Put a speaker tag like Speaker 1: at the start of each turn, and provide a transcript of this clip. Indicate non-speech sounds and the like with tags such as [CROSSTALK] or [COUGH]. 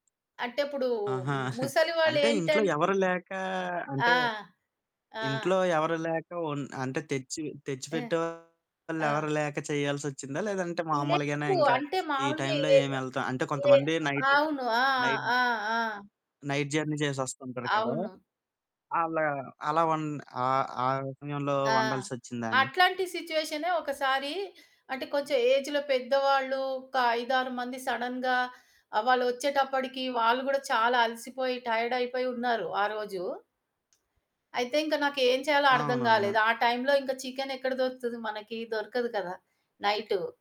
Speaker 1: అంటే ఇప్పుడు
Speaker 2: ఆహా!
Speaker 1: ము
Speaker 2: [GIGGLES]
Speaker 1: ముసలి వాళ్ళు
Speaker 2: అంటే
Speaker 1: ఏంటంటే
Speaker 2: ఇంట్లో ఎవరు లేకా
Speaker 1: ఆ!
Speaker 2: అంటే,
Speaker 1: ఆ!
Speaker 2: ఇంట్లో ఎవరు లేక ఒన్ అంటే తెచ్చి తెచ్చి
Speaker 1: ఆ!
Speaker 2: పెట్టేవాళ్ళెవరు
Speaker 1: ఆ!
Speaker 2: లేక చేయాల్సొచ్చిందా? లేదంటే మామూలుగానే
Speaker 1: లెవ్వు.
Speaker 2: ఇంకా
Speaker 1: అంటే
Speaker 2: ఈ
Speaker 1: మాములుగా
Speaker 2: టైమ్‌లో
Speaker 1: ఏ
Speaker 2: ఏమి ఎళ్తాం, అంటే
Speaker 1: ఏ
Speaker 2: కొంతమంది నైట్,
Speaker 1: అవును. ఆ!
Speaker 2: నైట్
Speaker 1: ఆ! ఆ!
Speaker 2: నైట్ జర్నీ చేసేస్తుంటారు కదా!
Speaker 1: అవును.
Speaker 2: అలా అలా వన్ ఆహ్, ఆ సమయంలో
Speaker 1: ఆ!
Speaker 2: వండాల్సొచ్చిందాని?
Speaker 1: అట్లాంటి సిట్యుయేషనే ఒకసారి అంటే కొంచెం ఏజ్‌లో పెద్దవాళ్ళు, ఒక 5, 6 మంది సడెన్‌గా వాళ్ళు వచ్చేటప్పటికి వాళ్ళు కూడా చాలా అలసిపోయి టైర్డ్ అయిపోయి ఉన్నారు ఆరోజు. అయితే ఇంక నాకేం చేయాలో అర్థం
Speaker 2: అవునవును.
Speaker 1: గాలేదు. ఆ టైమ్‌లో ఇంక చికెన్ ఎక్కడ దొరుకుతది మనకి? దొరకదు కదా! నైటు.